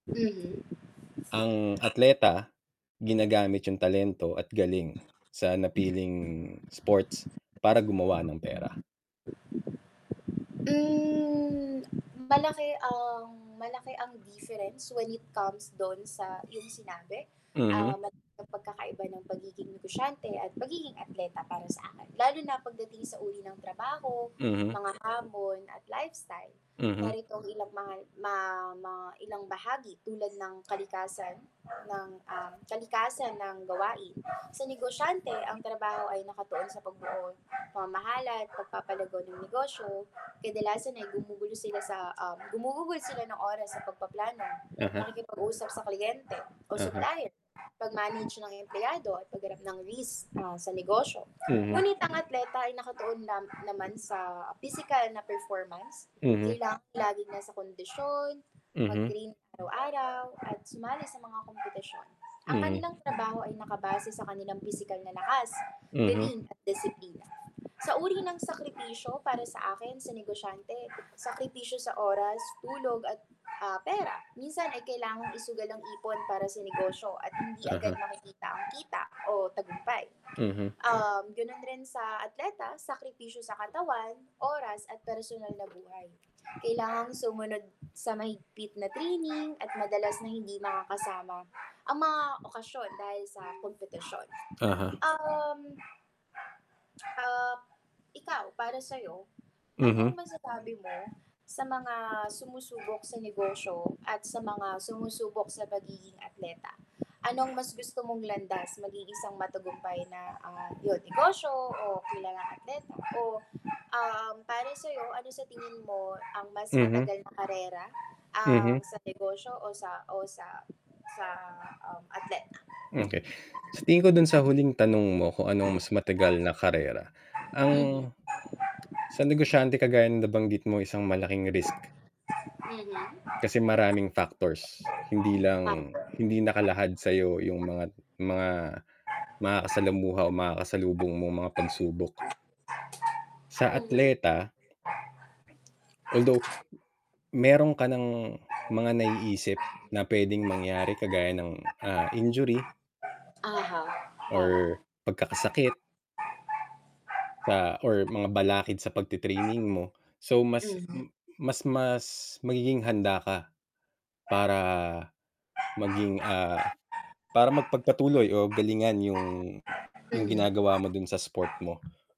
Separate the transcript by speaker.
Speaker 1: Mhm.
Speaker 2: Ang atleta ginagamit yung talento at galing sa napiling sports para gumawa ng pera.
Speaker 1: Mm, malaki ang, malaki ang difference when it comes do'n sa iyong sinabi. Ah,
Speaker 2: Mhm.
Speaker 1: malaki ang pagkakaiba ng pagiging negosyante at pagiging atleta para sa akin, lalo na pagdating sa uri ng trabaho,
Speaker 2: Mhm.
Speaker 1: mga hamon at lifestyle.
Speaker 2: Mhm.
Speaker 1: Narito ang ilang mga ma ma ilang bahagi tulad ng kalikasan ng, um, kalikasan ng gawain. Sa negosyante ang trabaho ay nakatuon sa pagbuo, pamamahala, pagpapalago ng negosyo, kadalasan ay gumugulo sila sa, ah gumugugol sila ng oras sa pagpaplano,
Speaker 2: Uh-huh.
Speaker 1: pakikipag-usap sa kliyente o
Speaker 2: Uh-huh.
Speaker 1: supplier, pag-manage ng empleyado at pag harap ng risk, ah, sa negosyo.
Speaker 2: Mhm.
Speaker 1: Ngunit ang atleta ay nakatuon lam naman sa pisikal na performance,
Speaker 2: Mhm.
Speaker 1: kailangang laging nasa kondisyon,
Speaker 2: Mhm.
Speaker 1: mag-train araw-araw at sumali sa mga kompetisyon. Ang
Speaker 2: Mhm.
Speaker 1: kanilang trabaho ay nakabase sa kanilang pisikal na lakas,
Speaker 2: Mhm.
Speaker 1: galing at disiplina. Sa uri ng sakripisyo para sa akin sa negosyante, sakripisyo sa oras, tulog at, ah, pera. Minsan ay kailangang isugal ang ipon para sa negosyo at hindi agad
Speaker 2: Uh-huh.
Speaker 1: makikita ang kita o tagumpay.
Speaker 2: Mhm.
Speaker 1: Um, ganun rin sa atleta, sakripisyo sa katawan, oras at personal na buhay. Kailangang sumunod sa mahigpit na training at madalas na hindi makakasama ang mga okasyon dahil sa kompetisyon.
Speaker 2: Uh-huh.
Speaker 1: Um, ah, ikaw para sayo, anong
Speaker 2: Mhm.
Speaker 1: masasabi mo sa mga sumusubok sa negosyo at sa mga sumusubok sa pagiging atleta? Anong mas gusto mong landas maging isang matagumpay na, ah, yun negosyo o kilalang atleta. O, um, para sayo ano sa tingin mo ang mas
Speaker 2: Mhm.
Speaker 1: matagal na karera, ang
Speaker 2: Mhm.
Speaker 1: sa negosyo o sa o, sa sa, um, atleta?
Speaker 2: Okay. Sa tingin ko dun sa huling tanong mo kung ano ang mas matagal na karera. Ang,
Speaker 1: Mhm.
Speaker 2: sa negosyante kagaya ng nabanggit mo ay isang malaking risk.
Speaker 1: Mhm.
Speaker 2: Kasi maraming factors, hindi
Speaker 1: Uh-huh.
Speaker 2: lang hindi nakalahad sayo yung mga mga makakasalamuha o makakasalubong mong mga pagsubok. Sa
Speaker 1: Mhm.
Speaker 2: atleta, although, meron ka ng mga naiisip na pwedeng mangyari kagaya ng, ah, injury
Speaker 1: Uh-huh, tama.
Speaker 2: or pagkakasakit sa or mga balakid sa pagtit-training mo. So, mas,
Speaker 1: Mhm.
Speaker 2: m mas mas magiging handa ka para maging, ah, para mapagpatuloy o galingan yung, yung
Speaker 1: Mhm.
Speaker 2: ginagawa mo dun sa sport mo.